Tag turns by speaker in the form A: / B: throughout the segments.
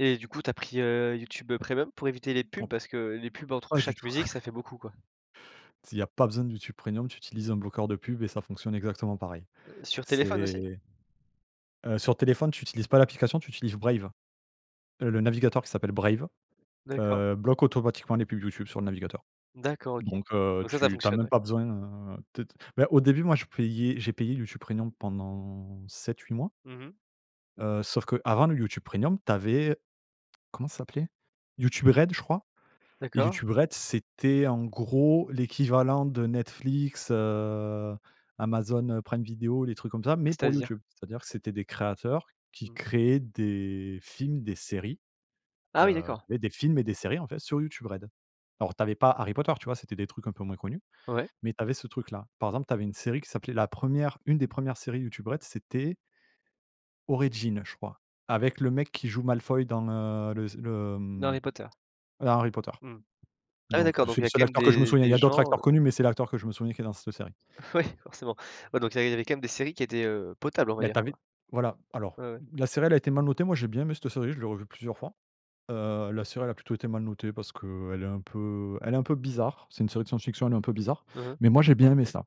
A: Et du coup, tu as pris, heu, YouTube, heu, Premium, pour éviter les pubs?
B: Oh
A: Parce que les pubs, entre
B: pas du
A: chaque
B: tout.
A: musique, ça fait beaucoup, quoi.
B: Si il y a pas besoin de YouTube premium, tu utilises un bloqueur de pubs et ça fonctionne exactement pareil.
A: Heu, sur téléphone, aussi?
B: C'est Heu, sur téléphone, tu utilises pas l'application, tu utilises Brave. Heu, le navigateur qui s'appelle Brave,
A: D'accord.
B: heu, bloque automatiquement les pubs YouTube sur le navigateur.
A: D'accord, OK,
B: Donc heu,
A: donc ça ça
B: tu tu as
A: fonctionne,
B: même
A: ouais?
B: pas besoin, heu, de de bah, au début, moi, je payais. J'ai payé YouTube Premium pendant 7-8 mois
A: Mmh mh.
B: heu, sauf qu'avant le YouTube Premium, tu avais, comment ça s'appelait? YouTube Red, je crois. Et
A: D'accord.
B: YouTube Red, c'était, en gros, l'équivalent de Netflix, heu, Amazon, heu, Prime Video, les trucs comme ça, mais pour
A: C'est-à-dire?
B: YouTube. C'est-à-dire que c'était des créateurs qui
A: Mmh.
B: créaient des films, des séries,
A: Ah oui,
B: heu,
A: d'accord!
B: et des films et des séries, en fait, sur YouTube Red. Alors, tu avais pas Harry Potter, tu vois? C'était des trucs un peu moins connus,
A: Ouais.
B: mais tu avais ce truc là. Par exemple, tu avais une série qui s'appelait la 1re une des 1res séries YouTube Red, c'était «Origin», je crois, avec le mec qui joue Malefoy dans, heu, le s le, hem,
A: D'Harry Potter.
B: dans Harry Potter.
A: Mmh. Ah,
B: Donc
A: d'accord,
B: bah,
A: donc
B: c'est
A: il y
B: le
A: a
B: seul
A: quand même
B: acteur que je me
A: des
B: souviens. Il y
A: des
B: a d'autres
A: gens, heu.
B: acteurs connus, mais c'est l'acteur que je me souviens qui est dans cette série.
A: Ouais, forcément. Ouais, donc il y a il y avait quand même des séries qui étaient, heu, potables, on va
B: Mais tu
A: dire,
B: avais,
A: quoi.
B: voilà. Alors,
A: Ouais, ouais.
B: la série, elle a été mal notée. Moi, j'ai bien aimé cette série, je l'ai revue plusieurs fois. Heu, la série, elle a plutôt été mal notée parce qu'elle est un peu elle est un peu bizarre. C'est une série de science-fiction, elle est un peu bizarre,
A: Mmh mh.
B: mais moi, j'ai bien aimé ça.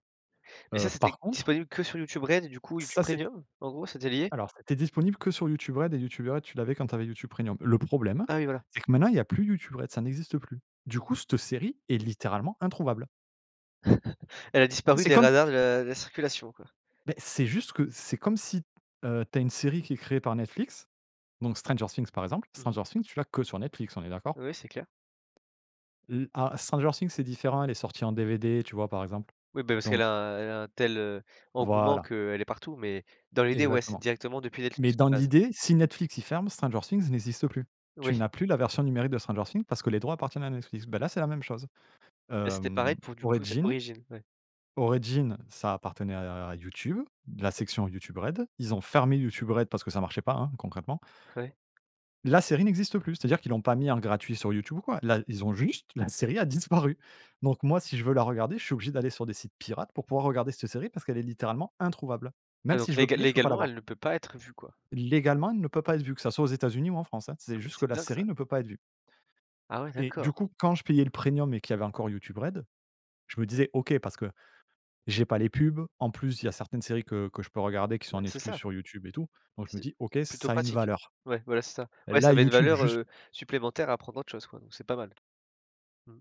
A: Et ça,
B: Heu,
A: c'était
B: par contre
A: disponible que sur YouTube Red, et du coup, YouTube
B: Ça, c'était
A: Premium? En gros, c'était lié?
B: alors, c'était disponible que sur YouTube Red et YouTube Red tu l'avais quand tu avais YouTube premium. Le problème,
A: Ah oui, voilà.
B: c'est que maintenant, il y a plus YouTube Red, ça n'existe plus. Du coup, cette série est littéralement introuvable.
A: Elle a
B: Tu sais,
A: disparu
B: c'est
A: des
B: comme
A: radars, de la de la circulation, quoi.
B: Beh, c'est juste que c'est comme si, heu, tu as une série qui est créée par Netflix. Donc, Stranger Things par exemple.
A: Mmh mh.
B: Stranger Things, tu l'as que sur Netflix, on est d'accord?
A: Oui, c'est clair.
B: Le ah, Stranger Things, c'est différent, elle est sortie en DVD, tu vois? Par exemple,
A: Oui, ben, parce qu'elle
B: donc
A: a elle a un tel, heu, engouement
B: Voilà.
A: qu'elle est partout. Mais dans l'idée, ouais, c'est
B: Exactement.
A: directement depuis
B: Mais
A: Netflix, de
B: dans
A: base.
B: l'idée, si Netflix, ils ferment, Stranger Things n'existe plus. Tu
A: Oui.
B: n'as plus la version numérique de Stranger Things, parce que les droits appartiennent à Netflix. Beh, là, c'est la même chose.
A: Et c'était pareil,
B: Hem,
A: pour du coup cet
B: «Origin
A: «Origin»? Ouais.
B: Origin» ça appartenait à à à YouTube, la section YouTube Red. Ils ont fermé YouTube Red, parce que ça marchait pas, hein, concrètement.
A: Ouais.
B: La série n'existe plus! C'est-à-dire qu'ils l'ont pas mis en gratuit sur YouTube ou quoi. Là, ils ont juste la série a disparu. Donc, moi, si je veux la regarder, je suis obligé d'aller sur des sites pirates pour pouvoir regarder cette série parce qu'elle est littéralement introuvable.
A: Ah,
B: Même si
A: donc,
B: je veux
A: légal
B: payer, je peux pas la
A: légalement,
B: voir.
A: elle ne peut pas être vue, quoi?
B: Légalement, elle ne peut pas être vue, que ça soit aux États-Unis ou en France, hein.
A: Ah,
B: C'est
A: mais
B: juste que
A: c'est
B: la
A: dingue, ça.
B: série ne peut pas être vue.
A: Ah, ouais,
B: Et
A: d'accord!
B: du coup, quand je payais le Premium, et qu'il y avait encore YouTube Red, je me disais: «OK, parce que j'ai pas les pubs». En plus, il y a certaines séries que que je peux regarder, qui sont
A: Bah,
B: en
A: c'est
B: exclu
A: ça.
B: sur YouTube et tout, donc je me
A: C'est
B: dis: «OK,
A: plutôt
B: ça a une
A: pratique.
B: valeur.
A: Ouais, voilà, c'est ça. Ouais, ça
B: Là,
A: met une
B: YouTube,
A: valeur,
B: juste»
A: heu, supplémentaire à prendre, autre chose, quoi. Donc, c'est pas mal. Mmh.